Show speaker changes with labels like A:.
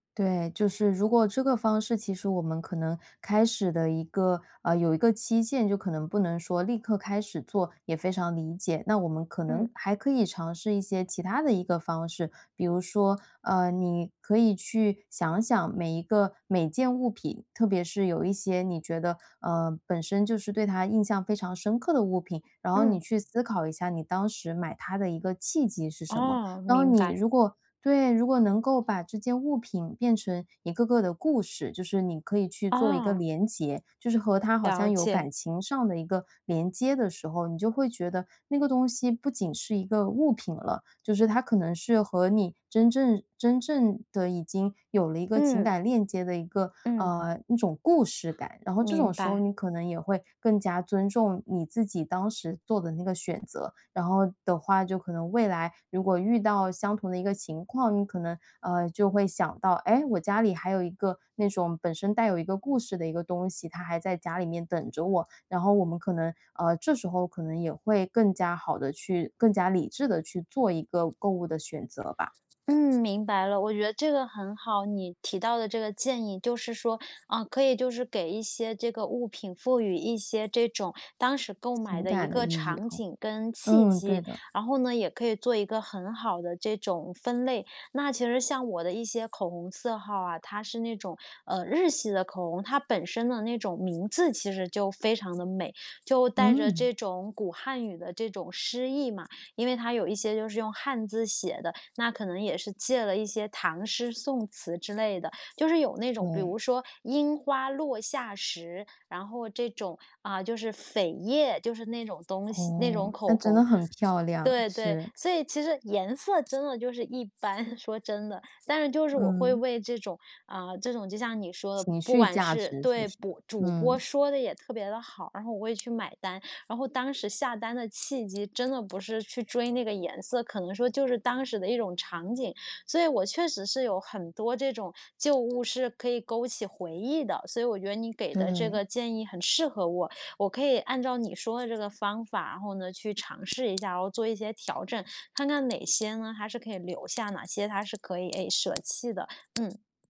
A: 对，就是，如果这个方式其实我们可能开始的，一个呃，有一个期限，就可能不能说立刻开始做，也非常理解，那我们可能
B: 嗯。
A: 还可以尝试一些其他的一个方式。比如说，呃，你可以去想想每一个每件物品，特别是有一些你觉得，呃，本身就是对它印象非常深刻的物品，然后你
B: 嗯。
A: 去思考一下，你当时买它的一个契机是什么。
B: 哦，明
A: 当你
B: 白。
A: 如果对，如果能够把这件物品变成一个个的故事，就是，你可以去做一个
B: 哦。
A: 联结，就是和它好
B: 了
A: 像有
B: 解。
A: 感情上的一个连接的时候，你就会觉得那个东西不仅是一个物品了。就是它可能是和你真正真正地已经有了一个情
B: 嗯。
A: 感链接的一个，
B: 嗯。
A: 呃，一种故事感。然后，这种
B: 明
A: 时候
B: 白。
A: 你可能也会，更加尊重你自己当时做的那个选择。然后的话就可能，未来如果遇到相同的一个情况，你可能，呃，就会想到：“哎，我家里还有一个那种本身带有一个故事的一个东西，它还在家里面等着我。”然后我们可能呃，这时候可能也会更加好地去更加理智地去做一个购物的选择吧。
B: 嗯，明白了，我觉得这个很好，你提到的这个建议，就是说，啊，可以就是给一些这个物品赋予一些这种当时购买
A: 情
B: 的一
A: 感的
B: 个
A: 意义
B: 场
A: 啊，
B: 景跟契
A: 嗯，对
B: 机，
A: 的。
B: 然后呢，也可以做一个很好的这种分类。那，其实像我的一些口红色号啊，它是那种，呃，日系的口红，它本身的那种名字其实就非常地美，就带着
A: 嗯。
B: 这种古汉语的这种诗意嘛。因为它有一些就是用汉字写的，那可能也是借了一些唐诗宋词之类的，就是有那种，比
A: 对。
B: 如说“樱花落下时”，然后这种，啊，就是扉页，就是那种东西那种
A: 哦，
B: 口
A: 那真
B: 红。
A: 的很漂亮，
B: 对对，
A: 是。
B: 所以，其实颜色真的就是一般，说真的。但是就是我会
A: 嗯。
B: 为这种啊，这种就像你说的，
A: 情
B: 不
A: 绪
B: 管
A: 价
B: 是
A: 值是不
B: 对，
A: 是？
B: 主主播
A: 嗯。
B: 说得也特别地好，然后我也去买单，然后当时下单的契机真的不是去追那个颜色，可能说就是当时的一种场景。所以，我确实是有很多这种旧物是可以勾起回忆的，所以我觉得你给的这个
A: 对。
B: 建议很适合我，我可以按照你说的这个方法，然后呢，去尝试一下，然后做一些调整，看看哪些呢，还是可以留下，哪些它是可以，哎，舍弃的。嗯。